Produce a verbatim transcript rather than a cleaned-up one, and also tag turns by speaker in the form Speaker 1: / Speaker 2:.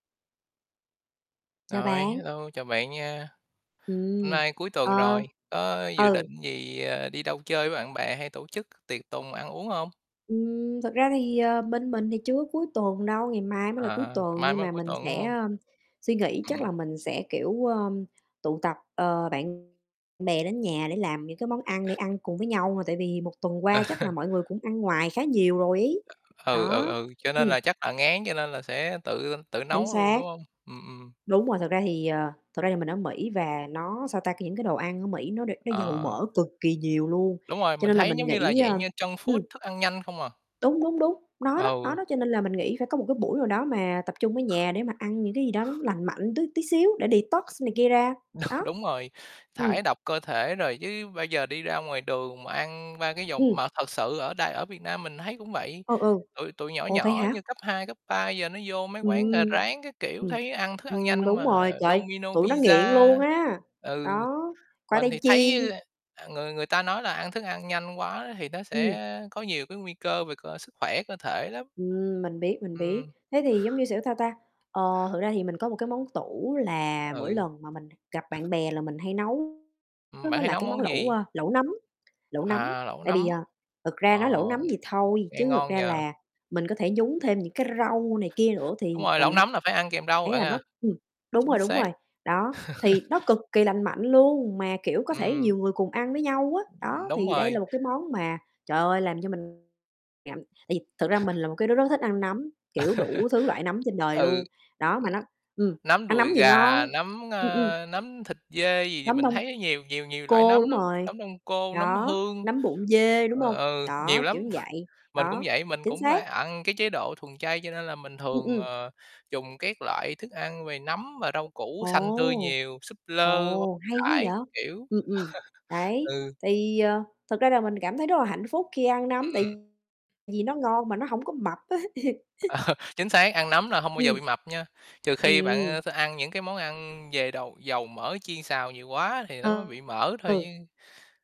Speaker 1: Chào
Speaker 2: Rồi,
Speaker 1: bạn.
Speaker 2: hello, chào bạn nha. Hôm
Speaker 1: Ừm,
Speaker 2: nay cuối tuần
Speaker 1: ờ,
Speaker 2: rồi, có dự
Speaker 1: ừ.
Speaker 2: định gì, à, đi đâu chơi với bạn bè, hay tổ chức tiệc tùng ăn uống hông?
Speaker 1: Ừm. Thực ra thì, ờ, bên mình thì chưa có cuối tuần đâu, ngày mai mới là cuối
Speaker 2: À, ngày
Speaker 1: tuần,
Speaker 2: mai
Speaker 1: nhưng
Speaker 2: mới là
Speaker 1: mà
Speaker 2: cuối
Speaker 1: mình
Speaker 2: tuần, đúng
Speaker 1: sẽ,
Speaker 2: hông?
Speaker 1: ơ, suy nghĩ. Chắc
Speaker 2: Ừm.
Speaker 1: là mình sẽ, kiểu, ờ, tụ tập, ờ, bạn bè đến nhà để làm những cái món ăn để ăn cùng với nhau, mà tại vì một tuần qua chắc
Speaker 2: Ờ.
Speaker 1: là mọi người cũng ăn ngoài khá nhiều rồi ấy,
Speaker 2: Ừ, ừ,
Speaker 1: đó,
Speaker 2: ừ, cho nên
Speaker 1: ừm.
Speaker 2: là chắc là ngán cho nên là sẽ tự tự
Speaker 1: Chính
Speaker 2: nấu luôn,
Speaker 1: xác.
Speaker 2: đúng hông? Ừm, ừm.
Speaker 1: Đúng rồi, thực ra thì, ờ, thật ra thì mình ở Mỹ, và nó, sao ta, c những cái đồ ăn ở Mỹ nó đ nó dầu
Speaker 2: Ờ.
Speaker 1: mỡ cực kỳ nhiều luôn,
Speaker 2: Đúng rồi,
Speaker 1: cho
Speaker 2: mình
Speaker 1: nên là
Speaker 2: thấy,
Speaker 1: mình
Speaker 2: giống như là,
Speaker 1: nghĩ, ơ
Speaker 2: dạng như junk
Speaker 1: ừm.
Speaker 2: food, thức ăn nhanh không à.
Speaker 1: Đúng, đúng, đúng, nó đó, nó
Speaker 2: Ừ.
Speaker 1: đó, cho nên là mình nghĩ phải có một cái buổi nào đó mà tập trung ở nhà để mà ăn những cái gì đó nó lành mạnh tí tí xíu, để detox
Speaker 2: Đ
Speaker 1: này kia ra, đó.
Speaker 2: đúng rồi,
Speaker 1: Ừm.
Speaker 2: thải độc cơ thể, rồi chứ bây giờ đi ra ngoài đường mà ăn ba cái dòng
Speaker 1: Ừm.
Speaker 2: mà thật sự ở đài ở Việt Nam mình thấy cũng vậy.
Speaker 1: Ừ, ừ,
Speaker 2: Tụi tụi nhỏ
Speaker 1: ủa, vậy
Speaker 2: nhỏ
Speaker 1: hả?
Speaker 2: như cấp hai cấp ba giờ, nó vô mấy quán gà
Speaker 1: Ừm,
Speaker 2: rán các kiểu, thấy ăn thức ăn nhanh
Speaker 1: ừm,
Speaker 2: hông
Speaker 1: đúng
Speaker 2: à.
Speaker 1: rồi, trời ơi,
Speaker 2: Domino's
Speaker 1: tụi nó nghiện
Speaker 2: Pizza,
Speaker 1: luôn á,
Speaker 2: ừ,
Speaker 1: đó, khoai
Speaker 2: mình
Speaker 1: tây
Speaker 2: thì
Speaker 1: chiên.
Speaker 2: thấy, ờ, người người ta nói là ăn thức ăn nhanh quá thì nó sẽ
Speaker 1: Ừm.
Speaker 2: có nhiều cái nguy cơ về cơ sức khỏe cơ thể lắm.
Speaker 1: Ừm, mình biết, mình biết,
Speaker 2: Ừm.
Speaker 1: thế thì giống như, xiểu, sao ta? Ờ, thực ra thì mình có một cái món tủ, là mỗi
Speaker 2: Ừ.
Speaker 1: lần mà mình gặp bạn bè là mình hay nấu,
Speaker 2: Ừm.
Speaker 1: đó
Speaker 2: Bạn
Speaker 1: nó
Speaker 2: hay
Speaker 1: là
Speaker 2: nấu
Speaker 1: cái món
Speaker 2: món
Speaker 1: lẩu,
Speaker 2: gì?
Speaker 1: ờ, lẩu nấm, lẩu nấm.
Speaker 2: À, lẩu
Speaker 1: Tại vì,
Speaker 2: nấm,
Speaker 1: à, thực ra nói
Speaker 2: ờ,
Speaker 1: lẩu nấm vậy thôi,
Speaker 2: nghe
Speaker 1: chứ thực
Speaker 2: ngon nhỉ?
Speaker 1: ra là mình có thể nhúng thêm những cái rau này kia nữa,
Speaker 2: Đúng
Speaker 1: thì
Speaker 2: rồi, lẩu
Speaker 1: mình hay
Speaker 2: nấm là phải ăn kèm rau
Speaker 1: thấy
Speaker 2: bạn
Speaker 1: là nó
Speaker 2: à,
Speaker 1: ừm, đúng rồi,
Speaker 2: chính
Speaker 1: đúng
Speaker 2: xác.
Speaker 1: rồi. Đó, thì nó cực kỳ lành mạnh luôn, mà, kiểu, có thể
Speaker 2: Ừm.
Speaker 1: nhiều người cùng ăn với nhau á.
Speaker 2: Ừm.
Speaker 1: Đó,
Speaker 2: Đúng
Speaker 1: thì đây
Speaker 2: rồi.
Speaker 1: là một cái món mà, trời ơi, làm cho mình ngậm tại vì thực ra mình là một cái đứa rất thích ăn nấm, kiểu, đủ thứ loại nấm trên đời
Speaker 2: Ừ.
Speaker 1: luôn, đó, mà nó ừm,
Speaker 2: Nấm
Speaker 1: ăn
Speaker 2: đùi
Speaker 1: nấm vừa
Speaker 2: gà,
Speaker 1: ngon
Speaker 2: nấm,
Speaker 1: ừm, ừm.
Speaker 2: ơ, nấm thịt dê gì gì,
Speaker 1: Nấm
Speaker 2: mình
Speaker 1: đông
Speaker 2: thấy nhiều nhiều nhiều loại
Speaker 1: cô,
Speaker 2: nấm
Speaker 1: đúng
Speaker 2: lắm,
Speaker 1: rồi,
Speaker 2: nấm đông cô, nấm
Speaker 1: đó,
Speaker 2: hương,
Speaker 1: nấm bụng dê, đúng
Speaker 2: ờ,
Speaker 1: hông?
Speaker 2: ừ, nhiều
Speaker 1: Đó, kiểu
Speaker 2: lắm.
Speaker 1: như vậy,
Speaker 2: Mình cũng
Speaker 1: đó,
Speaker 2: vậy, mình
Speaker 1: chính
Speaker 2: cũng, a,
Speaker 1: xác.
Speaker 2: ăn cái chế độ thuần chay, cho nên là mình
Speaker 1: Ừm,
Speaker 2: thường,
Speaker 1: ừm.
Speaker 2: ờ, dùng các loại thức ăn về nấm và rau củ xanh tươi
Speaker 1: Ồ,
Speaker 2: nhiều, súp lơ, bông
Speaker 1: ồ, hay quá
Speaker 2: cải
Speaker 1: vậy?
Speaker 2: các kiểu.
Speaker 1: Ừm, ừm, đấy,
Speaker 2: Ừ.
Speaker 1: thì, ờ, thực ra là mình cảm thấy rất là hạnh phúc khi ăn nấm,
Speaker 2: Ừm, ừm.
Speaker 1: tại vì nó ngon, mà nó hổng có mập á.
Speaker 2: Ờ. Chính xác, ăn nấm là hông bao giờ
Speaker 1: Ừm.
Speaker 2: bị mập nha, trừ khi bạn,
Speaker 1: Ừm.
Speaker 2: a, th ăn những cái món ăn về đầu dầu mỡ chiên xào nhiều quá thì nó mới bị mỡ thôi
Speaker 1: Ừ.
Speaker 2: chứ.